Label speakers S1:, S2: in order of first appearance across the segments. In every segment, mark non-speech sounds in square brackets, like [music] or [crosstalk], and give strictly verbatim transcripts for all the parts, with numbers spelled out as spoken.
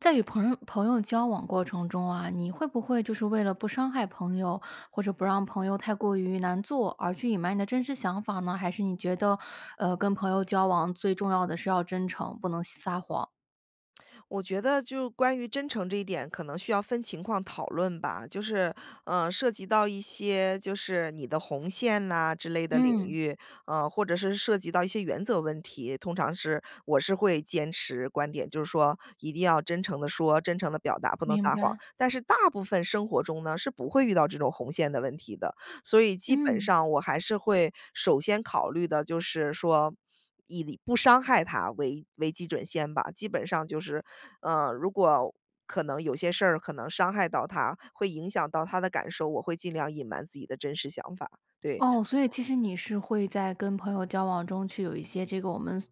S1: 在与朋友朋友交往过程中啊，你会不会就是为了不伤害朋友，或者不让朋友太过于难做而去隐瞒你的真实想法呢？还是你觉得，呃，跟朋友交往最重要的是要真诚，不能撒谎。
S2: 我觉得就关于真诚这一点可能需要分情况讨论吧，就是，呃，涉及到一些就是你的红线呐之类的领
S1: 嗯。
S2: 域。呃，或者是涉及到一些原则问题，通常是我是会坚持观点，就是说一定要真诚地说，真诚地表达，不能
S1: 明
S2: 撒谎。
S1: 白。
S2: 但是大部分生活中呢，是不会遇到这种红线的问题的。所以基本
S1: 嗯。
S2: 上我还是会首先考虑的，就是说，以不伤害他为为基准线吧。基本上就是，呃，如果可能有些事儿可能伤害到他，会影响到他的感受，我会尽量隐瞒自己的真实想法。对。
S1: 哦，所以其实你是会在跟朋友交往中去有一些这个我们所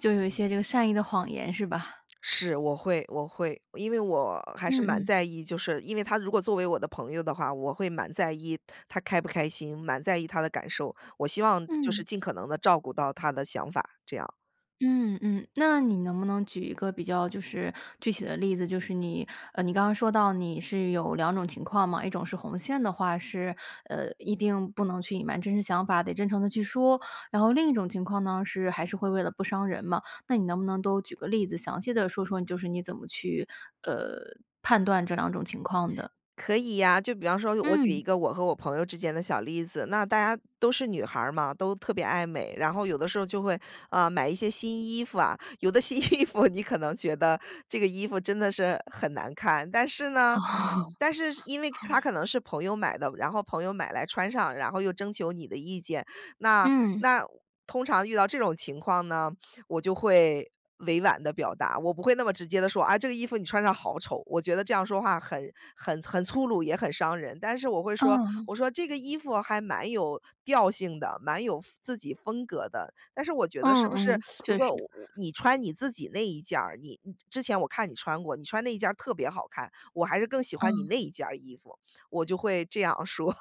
S1: 就有一些这个善意的谎言是吧？
S2: 是，我会我会因为我还是
S1: 嗯
S2: 蛮
S1: 嗯。
S2: 在意就是因为他如果作为我的朋友的话，我会蛮在意他开不开心，蛮在意他的感受。我希望就是
S1: 嗯。
S2: 尽可能地照顾到他的想法，这样。
S1: 嗯嗯，那你能不能举一个比较就是具体的例子，就是你，呃，你刚刚说到你是有两种情况嘛。一种是红线的话是，呃，一定不能去隐瞒真实想法，得真诚地去说。然后另一种情况呢是还是会为了不伤人嘛。那你能不能都举个例子，详细地说说就是你怎么去，呃，判断这两种情况的？
S2: 可以呀，就比方说我举一
S1: 嗯。
S2: 个我和我朋友之间的小例子。那大家都是女孩儿嘛，都特别爱美，然后有的时候就会，啊，买一些新衣服啊。有的新衣服你可能觉得这个衣服真的是很难看，但是呢
S1: [laughs]
S2: 但是因为它可能是朋友买的，然后朋友买来穿上，然后又征求你的意见。那
S1: 嗯。
S2: 那通常遇到这种情况呢，我就会委婉地表达。我不会那么直接地说：“啊，这个衣服你穿上好丑。”我觉得这样说话很很很粗鲁，也很伤人。但是我会说，
S1: 哦。
S2: 我说：“这个衣服还蛮有调性的，蛮有风自己风格的，但是我觉得
S1: 嗯
S2: 是不是
S1: 嗯，
S2: [sucks teeth] 如
S1: 确
S2: 果
S1: 实。
S2: 我你穿你自己那一件儿，你之前我看你穿过，你穿那一件儿特别好看，我还是更喜欢你
S1: 嗯。
S2: 那一件儿衣服。“我就会这样说，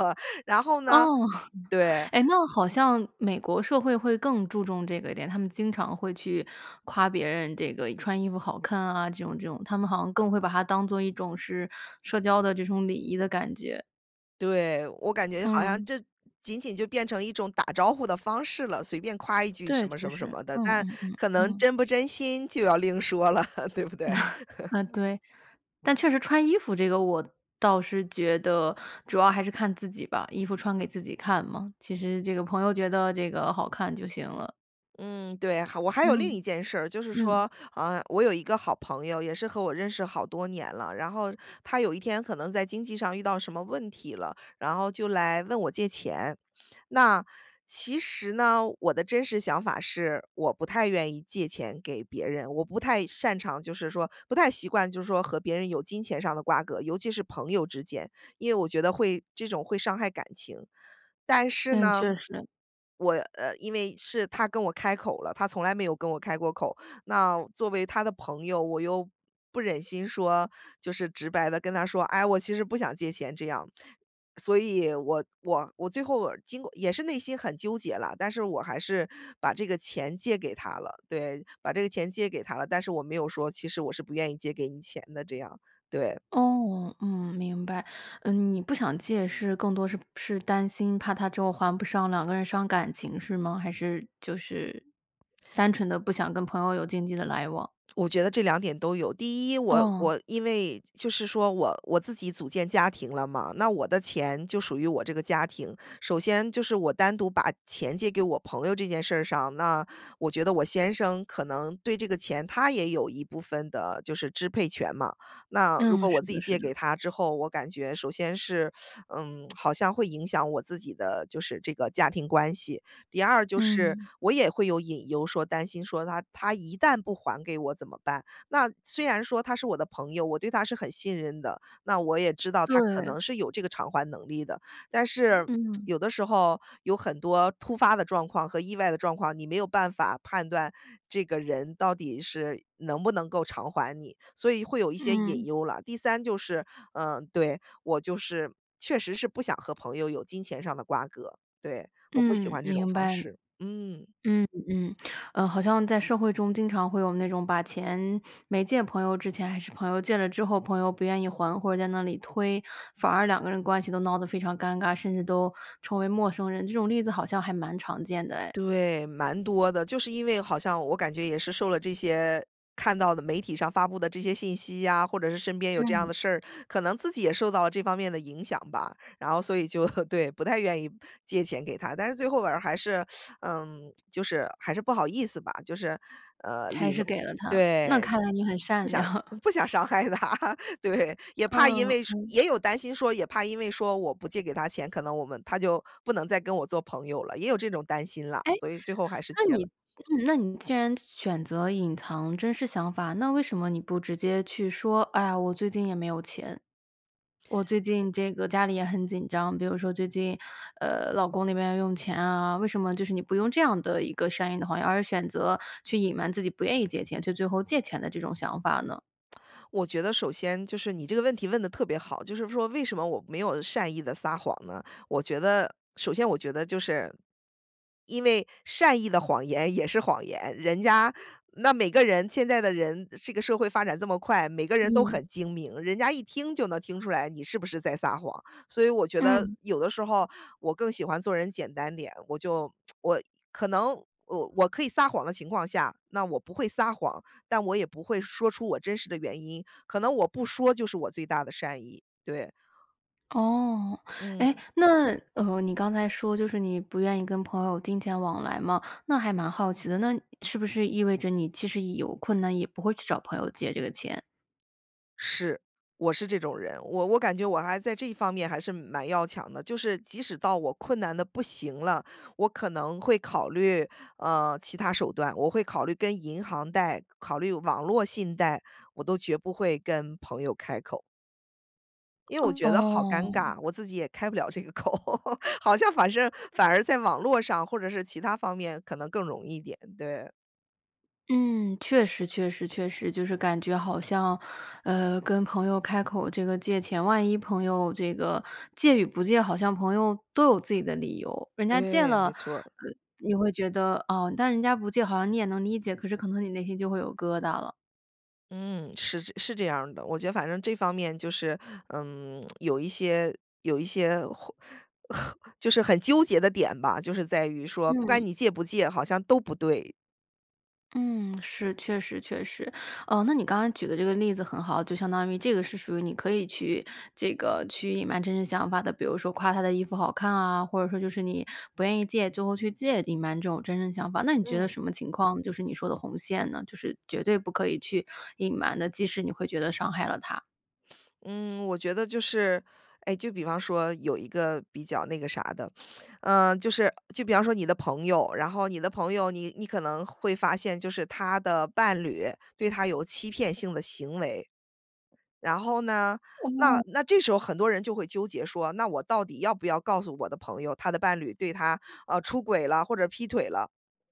S2: 然后
S1: 哦，
S2: 呢
S1: [laughs]
S2: 对。
S1: 哎，那好像美国社会会更注重这个一点，他们经常会去夸别人这个穿衣服好看啊，这种这种，他们好像更会把它当作一种是社交的这种礼仪的感觉。
S2: 对，我感觉好像
S1: 嗯。
S2: 这仅仅就变成一种打招呼的方式了，随便夸一句什
S1: 对，
S2: 么什
S1: 确
S2: 么什
S1: 实。
S2: 么的，
S1: 嗯
S2: 但
S1: 嗯嗯
S2: 可能
S1: 嗯。
S2: 真不真心就要另说了，对不对？
S1: [chuckles]
S2: [laughs]
S1: 呃，对。但确实穿衣服这个我倒是觉得，主要还是看自己吧。衣服穿给自己看嘛，其实这个朋友觉得这个好看就行了。
S2: 嗯，对，还我还有另
S1: 嗯，
S2: 一件事儿，就是
S1: 嗯。
S2: 说，呃，我有一个好朋友，也是和我认识好多年了。然后他有一天可能在经济上遇到什么问题了，然后就来问我借钱。那，其实呢，我的真实想法是，我不太愿意借钱给别人。我不太擅长就是说不太习惯就是说和别人有金钱上的瓜葛，尤其是朋友之间。因为我觉得会这种会伤害感情。但是
S1: 嗯，
S2: 呢，
S1: 确实。
S2: 我呃，因为是他跟我开口了，他从来没有跟我开过口。那作为他的朋友，我又不忍心说就是直白地跟他说：“哎，我其实不想借钱。”这样。所以我我我最后尔经过也是内心很纠结了，但是我还是把这个钱借给他了。对，把这个钱借给他了。但是我没有说，其实我是不愿意借给你钱的这样，对。
S1: 哦，嗯，明白。嗯，你不想借是更多是不是担心怕他之后还不上，两个人伤感情是吗？还是就是，单纯地不想跟朋友有经济的来往？
S2: 我觉得这两点都有。第一，我
S1: 哦。
S2: 我因为就是说，我我自己组建家庭了嘛，那我的钱就属于我这个家庭。首先就是我单独把钱借给我朋友这件事儿上，那我觉得我先生可能对这个钱他也有一部分的就是支配权嘛。那如果
S1: 嗯，
S2: 我
S1: 是
S2: 自己
S1: 的是
S2: 借
S1: 的。
S2: 给他之后，我感觉首先是，[sucks teeth] 嗯，[smacks lips] 好像会影响我自己的就是这个家庭关系。第二就是，
S1: 嗯。
S2: 我也会有隐忧说担心说，他他一旦不还给我怎么办？那虽然说他是我的朋友，我对他是很信任的，那我也知道他可
S1: 对。
S2: 能是有这个偿还能力的。但是，
S1: 嗯。
S2: 有的时候有很多突发的状况和意外的状况，你没有办法判断这个人到底是能不能够偿还你，所以会有一些隐
S1: 嗯。
S2: 忧啦。第三就是，嗯，对，我就是确实是不想和朋友有金钱上的瓜葛，对，我不喜
S1: 嗯，
S2: 欢这种
S1: 明
S2: 方
S1: 白。
S2: 式，嗯。
S1: 嗯，嗯。呃，好像在社会中经常会有那种把钱没借朋友之前还是朋友，借了之后朋友不愿意还，或者在那里推，反而两个人的关系都闹得非常尴尬，甚至都成为陌生人。这种例子好像还蛮常见的哎。
S2: 对，蛮多的。就是因为好像我感觉也是受了这些看到的媒体上发布的这些信息呀，或者是身边有这样
S1: 嗯。
S2: 的事儿，可能自己也受到了这方面的影响吧。然后所以就 [laughs] 对，不太愿意借钱给他。但是最后尔还是，[sucks teeth] 呃，就是还是不好意思吧，就是，呃，
S1: 还
S2: 礼
S1: 是
S2: 貌
S1: 给了他。那
S2: 对，
S1: 看来你很善良。
S2: 不想不想伤害他，对。也怕因
S1: 嗯，
S2: 为说
S1: 嗯。
S2: 也有担心说也怕因为说我不借给他钱，可能我们他就不能再跟我做朋友了，也有这种担心啦，
S1: 诶，
S2: 所以最后还是
S1: 那
S2: 借了。
S1: 你那你既然选择隐藏真实想法，那为什么你不直接去说：“哎呀，我最近也没有钱。我最近这个家里也很紧张。”比如说，“最近，呃，老公那边要用钱啊。”为什么就是你不用这样的一个善意的谎言，而选择去隐瞒自己不愿意借钱，却最后借钱的这种想法呢？
S2: 我觉得首先就是你这个问题问得特别好，就是说为什么我没有善意地撒谎呢？我觉得首先我觉得就是，因为善意的谎言也是谎言，人家那每个人现在的人，这个社会发展这么快，每个人都
S1: 嗯。
S2: 很精明，人家一听就能听出来你是不是在撒谎。所以我觉得
S1: 嗯。
S2: 有的时候我更喜欢做人简单点，我就 [tsk] 我可能我我可以撒谎的情况下，那我不会撒谎，但我也不会说出我真实的原因，可能我不说就是我最大的善意，对。
S1: 哦，诶，
S2: 嗯。
S1: 那哦，你刚才说就是你不愿意跟朋友金钱往来嘛。那还蛮好奇的，那是不是意味着你其实有困难，也不会去找朋友借这个钱？
S2: 是，我是这种人，我我感觉我还在这方面还是蛮要强的，就是即使到我困难得不行了。我可能会考虑，呃，其他手段，我会考虑跟银行贷，考虑网络信贷，我都绝不会跟朋友开口。因为我觉得好尴
S1: 哦。
S2: 尬，我自己也开不了这个口，[laughs] 好像反正反而在网络上或者是其它方面可能更容易一点，对。
S1: 嗯，确实确实确实。就是感觉好像，呃，跟朋友开口这个借钱，万一朋友这个借与不借，好像朋友都有自己的理由。人家借
S2: 对，
S1: 了，
S2: 没
S1: 呃，
S2: 错儿。
S1: 你会觉得，哦但人家不借，好像你也能理解，可是可能你内心就会有疙瘩了。
S2: 嗯，是这是这样儿的。我觉得反正这方面就是，嗯，[tsk] 有一些有一些或很就是很纠结的点吧，就是在于说，不管
S1: 嗯。
S2: 你借不借，好像都不对。
S1: 嗯，是，确实确实。呃，那你刚才举的这个例子很好，就相当于这个是属于你可以去这个去隐瞒真实想法的，比如说夸她的衣服好看啊，或者说就是你不愿意借，最后去借，隐瞒这种真正想法。那你觉得
S2: 嗯。
S1: 什么情况，就是你说的红线呢？就是绝对不可以去隐瞒的，即使你会觉得伤害了他。
S2: 嗯，我觉得就是哎，就比方说有一个比较那个啥的，[sniffs] 呃，就是就比方说你的朋友，然后你的朋友，你你可能会发现就是她的伴侣对她有欺骗性的行为。然后呢，那
S1: 哦。
S2: 那这时候很多人就会纠结说，那我到底要不要告诉我的朋友，她的伴侣对她，呃，出轨了或者劈腿了，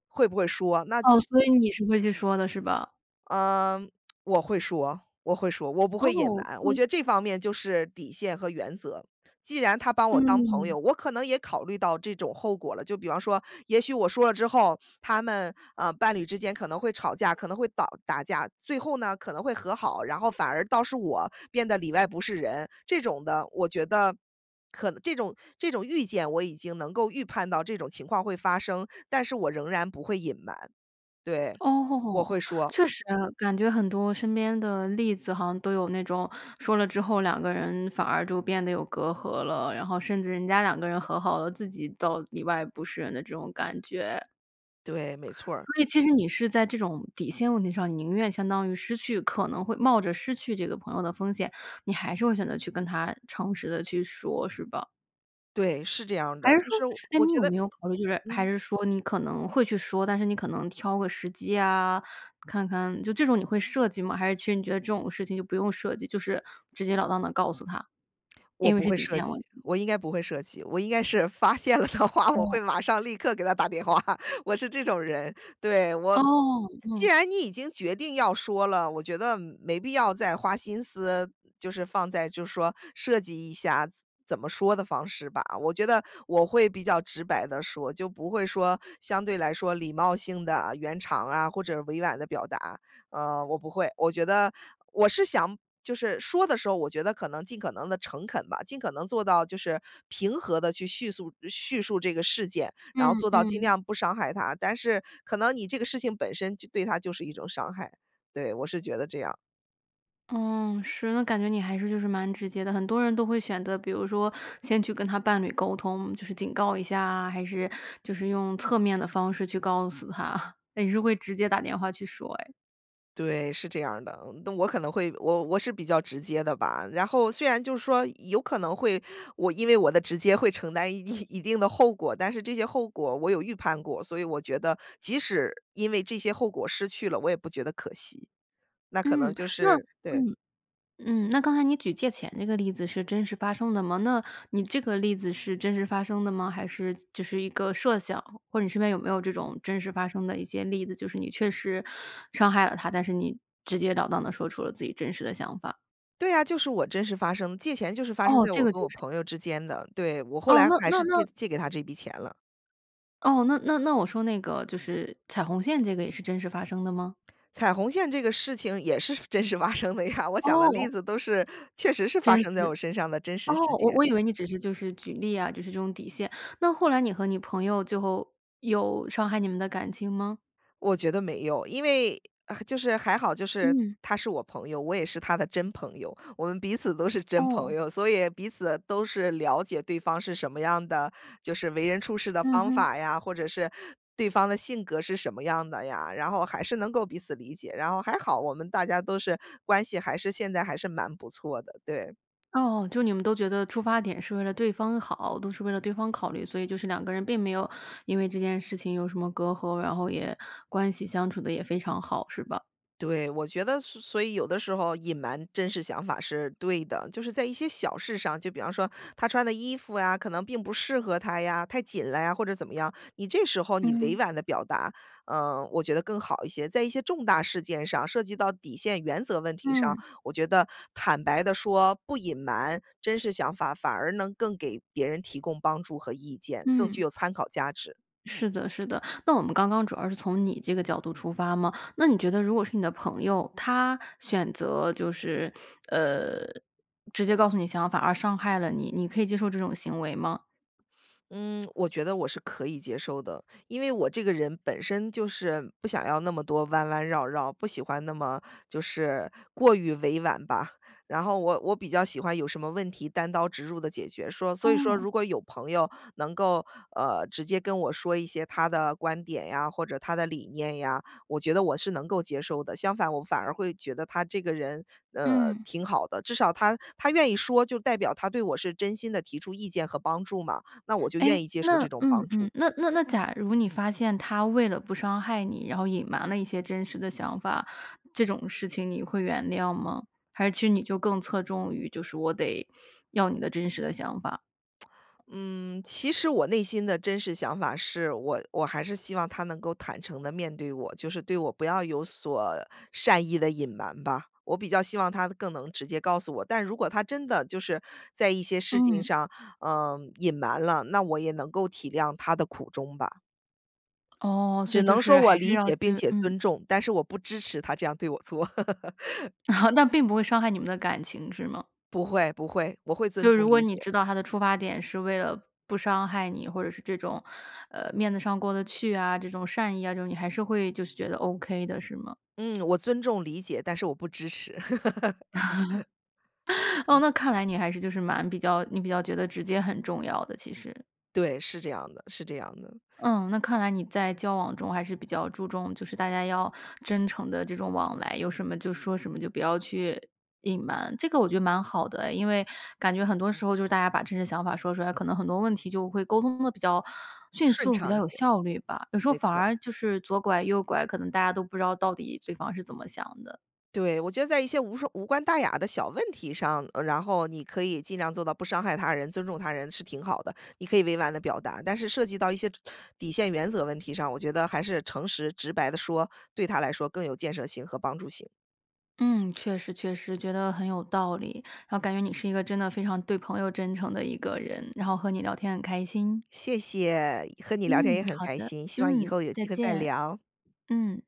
S2: 会不会说。那
S1: 哦，
S2: 这
S1: 所以你是会去说的是吧？
S2: 呃，我会说我会说。我不会隐
S1: 哦，
S2: 瞒，我
S1: 嗯。
S2: 觉得这方面就是底线和原则。既然她把我当朋
S1: 嗯。
S2: 友，我可能也考虑到这种后果了，就比方说，也许我说了之后，他们，呃，伴侣之间可能会吵架，可能会导打架。最后呢，可能会和好，然后反而倒是我变得里外不是人这种的。我觉得可能这种这种预见我已经能够预判到这种情况会发生，但是我仍然不会隐瞒。对，我
S1: 哦，
S2: 会说。
S1: 确实，感觉很多身边的例子好像都有那种，说了之后两个人反而就变得有隔阂了。然后甚至人家两个人和好了，自己倒里外不是人的这种感觉。
S2: 对，没错儿。
S1: 所以其实你是在这种底线问题上，宁愿相当于失去可能会冒着失去这个朋友的风险，你还是会选择去跟她诚实地去说，是吧？
S2: 对，是这样
S1: 还
S2: 的。
S1: 是
S2: 就
S1: 说
S2: 是
S1: 诶，
S2: 我
S1: 你
S2: 觉
S1: 有
S2: 得
S1: 没有考虑，就是还
S2: 嗯。
S1: 是说你可能会去说，但是你可能挑个时机啊，看看就这种你会设计吗？还是其实你觉得这种事情就不用设计，就是直截了当地告诉他。
S2: 我
S1: 因为
S2: 不
S1: 是
S2: 会
S1: 底
S2: 设
S1: 线
S2: 计，
S1: 问
S2: 我应该不会设计。我应该是发现了的话，我
S1: 嗯。
S2: 会马上、立刻给他打电话，我是这种人，对。我
S1: 哦，
S2: 既
S1: 嗯。
S2: 然你已经决定要说了，我觉得，没必要再花心思，就是放在就说设计一下怎怎么说的方式吧。我觉得我会比较直白地说，就不会说相对来说礼貌性的圆场儿啊，或者委婉地表达，呃，我不会。我觉得我是想就是说的时候，我觉得可能尽可能地诚恳吧，尽可能做到就是平和地去叙速叙述这个事件。然后
S1: 嗯
S2: 做到尽
S1: 嗯。
S2: 量不伤害他，但是可能你这个事情本身就对他就是一种伤害。对，我是觉得这样。
S1: 嗯，是，那感觉你还是就是蛮直接的。很多人都会选择比如说先去跟他伴侣沟通，就是警告一下啊，还是就是用侧面的方式去告诉他。[chuckles] 诶，你是会直接打电话去说哎。
S2: 对，是这样儿的。嗯那我可能会我我是比较直接的吧。然后虽然就是说有可能会我因为我的直接会承担一定一定的后果。但是这些后果我有预判过，所以我觉得即使因为这些后果失去了，我也不觉得可惜。那可能
S1: 嗯，
S2: 就
S1: 那
S2: 是对。
S1: 嗯，嗯，那刚才你举借钱这个例子是真实发生的吗？那你这个例子是真实发生的吗？还是子只是一个设想，或者你身边有没有这种真实发生的一些例子，就是你确实伤害了他，但是你直截了当地说出了自己真实的想法。
S2: 对呀，就是我真实发生借钱就是发生
S1: 哦，
S2: 在我
S1: 这个
S2: 和我
S1: 就是
S2: 朋友之间的对，我后
S1: 哦，
S2: 来
S1: 那
S2: 还
S1: 那
S2: 是借
S1: 那
S2: 借给他这笔钱了。
S1: 哦，那那那我说那个就是踩红线这个也是真实发生的吗？
S2: 踩红线这个事情也是真实发生的呀，我讲的例
S1: 哦。
S2: 子都是确实是发
S1: 真
S2: 生在我
S1: 实
S2: 身上的真
S1: 哦，
S2: 实事
S1: 我
S2: 件。
S1: 我以为你只是就是举例啊，就是这种底线。那后来你和你朋友最后，有伤害你们的感情吗？
S2: 我觉得没有。因为啊，就是还好，就是
S1: 嗯。
S2: 他是我朋友，我也是他的真朋友。我们彼此都是真朋
S1: 哦。
S2: 友，所以彼此都是了解对方是什么样的就是为人处事的
S1: 嗯
S2: 方
S1: 嗯。
S2: 法呀，或者是，对方的性格是什么样的呀？然后还是能够彼此理解，然后还好我们大家都是关系还是现在还是蛮不错的，对。
S1: 哦，就你们都觉得出发点是为了对方好，都是为了对方考虑，所以就是两个人并没有因为这件事情有什么隔阂，然后也关系相处得也非常好，是吧？
S2: 对，我觉得所所以有的时候，隐瞒真实想法是对的。就是在一些小事上，就比方说他穿的衣服呀，可能并不适合他呀，太紧了呀，或者怎么样，你这时候你委
S1: 嗯。
S2: 婉的表达，呃，我觉得更好一些。在一些重大事件上，涉及到底线原则问题上，
S1: 嗯。
S2: 我觉得坦白地说，不隐瞒真实想法，反而能更给别人提供帮助和意见，更具
S1: 嗯。
S2: 有参考价值。
S1: 是的是的，那我们刚刚主要是从你这个角度出发嘛，那你觉得如果是你的朋友，他选择就是，呃，直接告诉你想法而伤害了你，你可以接受这种行为吗？
S2: 嗯，我觉得我是可以接受的，因为我这个人本身就是，不想要那么多弯弯绕绕，不喜欢那么就是过于委婉吧。然后我我比较喜欢有什么问题单刀直入地解决，说所以说，
S1: 哦。
S2: 如果有朋友能够，呃，直接跟我说一些他的观点呀，或者他的理念呀，我觉得我是能够接受的。相反，我反而会觉得他这个人，呃，
S1: 嗯。
S2: 挺好的，至少他他愿意说，就代表他对我是真心地提出意见和帮助嘛，那我就
S1: 哎，
S2: 愿意接受
S1: 那
S2: 这种
S1: 嗯
S2: 帮助。
S1: 嗯，那那那假如你发现他为了不伤害你，然后隐瞒了一些真实的想法，这种事情你会原谅吗？还是其实你就更侧重于，就是我得要你的真实的想法。
S2: 嗯，其实我内心的真实想法是，我我还是希望他能够坦诚地面对我，就是对我不要有所善意的隐瞒吧，我比较希望他更能直接告诉我。但如果他真的就是在一些事情
S1: 嗯。
S2: 上，呃，隐瞒了，那我也能够体谅他的苦衷吧。
S1: 哦，所
S2: 只
S1: 以就
S2: 能说
S1: 是
S2: 我
S1: 还是
S2: 理
S1: 要
S2: 解
S1: 去
S2: 并且
S1: 嗯。
S2: 尊重，但是我不支持他这样对我做。[laughs]
S1: [laughs] 那并不会伤害你们的感情，是吗？
S2: 不会不会，我会尊
S1: 就
S2: 重
S1: 如果
S2: 理
S1: 你
S2: 解。
S1: 知道他的出发点，是为了不伤害你，或者是这种，呃，面子上过得去啊，这种善意啊，就你还是会就是觉得 OK 的，是吗？
S2: 嗯，我尊重理解，但是我不支持。[laughs]
S1: [laughs] 哦，
S2: 嗯。
S1: 那看来你还是就是蛮比较你比较觉得直接很重要的，其实。
S2: 对，是这样的是这样的。
S1: 嗯，那看来你在交往中，还是比较注重就是大家要真诚地这种往来，有什么就说什么，就不要去隐瞒，这个我觉得蛮好的哎。因为感觉很多时候，就是大家把真实想法说出来，可能很多问题就会沟通得比较迅
S2: 顺
S1: 速，比
S2: 畅
S1: 较
S2: 一些，
S1: 有效率吧。有时候
S2: 没
S1: 反
S2: 错。
S1: 而就是左拐右拐，可能大家都不知道到底对方是怎么想的。
S2: 对，我觉得在一些无伤无关大雅的小问题上，呃，然后你可以尽量做到不伤害他人，尊重他人是挺好的，你可以委婉地表达。但是涉及到一些底线原则问题上，我觉得还是诚实直白地说，对他来说更有建设性和帮助性。
S1: 嗯，确实确实，觉得很有道理，然后感觉你是一个真的非常对朋友真诚的一个人，然后和你聊天很开心。
S2: 谢谢，和你聊天也
S1: 嗯，
S2: 很
S1: 好
S2: 开
S1: 的，
S2: 心，希望以
S1: 嗯，
S2: 后有
S1: 再
S2: 机会再
S1: 见，
S2: 聊。
S1: 嗯。